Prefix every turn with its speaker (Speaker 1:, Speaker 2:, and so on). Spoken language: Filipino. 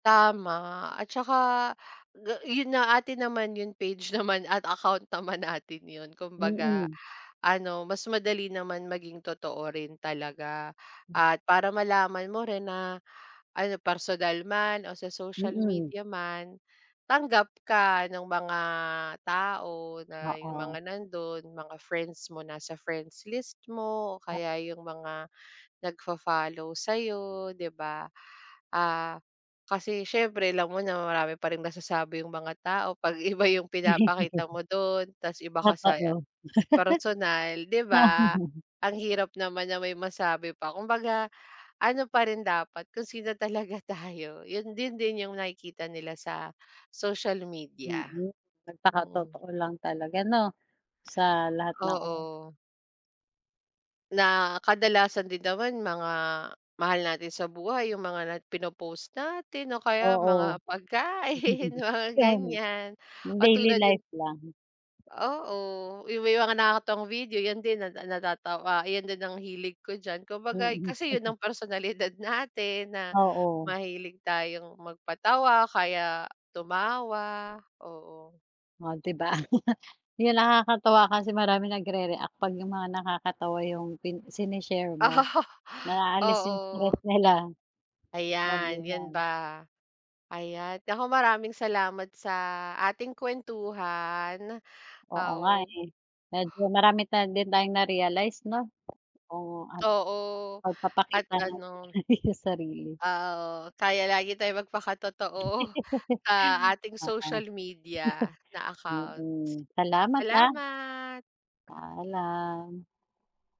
Speaker 1: Tama at saka ga 'yun nga atin naman 'yung page naman at account naman natin yun kumbaga,
Speaker 2: Mm.
Speaker 1: ano mas madali naman maging totoo rin talaga. At para malaman mo rin na, ano personal man o sa social
Speaker 2: Mm.
Speaker 1: media man, tanggap ka ng mga tao na, yung mga
Speaker 2: Oo.
Speaker 1: nandun, mga friends mo, nasa friends list mo, o
Speaker 2: Ah
Speaker 1: kaya yung mga nagfo-follow sayo 'di ba? Ah, kasi siyempre alam mo na marami pa rin masasabi 'yung mga tao pag iba yung pinapakita mo dun tapos iba ka sa
Speaker 2: Totoo.
Speaker 1: personal 'di ba? Ang hirap naman na may masabi pa, kumbaga ano pa rin dapat kung sino talaga tayo yun din din yung nakikita nila sa social media.
Speaker 2: Mm,
Speaker 1: Mm.
Speaker 2: magpaka-totoo lang talaga 'no, sa lahat ng oras.
Speaker 1: Oo. Na kadalasan din naman mga mahal natin sa buhay, yung na mga pinopost natin, o kaya mga
Speaker 2: Oo.
Speaker 1: pagkain mga
Speaker 2: [unintelligible]
Speaker 1: ganyan,
Speaker 2: Daily
Speaker 1: katulad yun
Speaker 2: life lang.
Speaker 1: Oo, yung may mga nakakatuwang video yun din na natatawa yun din ang hilig ko diyan kumbaga
Speaker 2: Mm.
Speaker 1: kasi yun ang personalidad natin na
Speaker 2: Oo.
Speaker 1: mahilig tayong mag-patawa kaya tumawa, oo.
Speaker 2: Oh di ba? Yung nakakatuwa kasi maraming nag-rereact pag 'yung mga nakakatuwa 'yung pin sine-share mo,
Speaker 1: Ah,
Speaker 2: naalis 'yung
Speaker 1: oo.
Speaker 2: stress nila.
Speaker 1: Ayan yan
Speaker 2: Kasabihan.
Speaker 1: ba, ayan, naku maraming salamat sa ating kuwentuhan,
Speaker 2: Oo
Speaker 1: ah,
Speaker 2: nga
Speaker 1: o
Speaker 2: eh. Medyo marami ta na din tayong na-realize 'no? Oo at,
Speaker 1: Oo, at
Speaker 2: pag-papakita natin
Speaker 1: ano
Speaker 2: sa sarili.
Speaker 1: Oo kaya lagi tayong magpaka-totoo sa ating
Speaker 2: Oo.
Speaker 1: social media na accounts.
Speaker 2: Mm. Salamat, ah.
Speaker 1: Salamat.
Speaker 2: Paalam.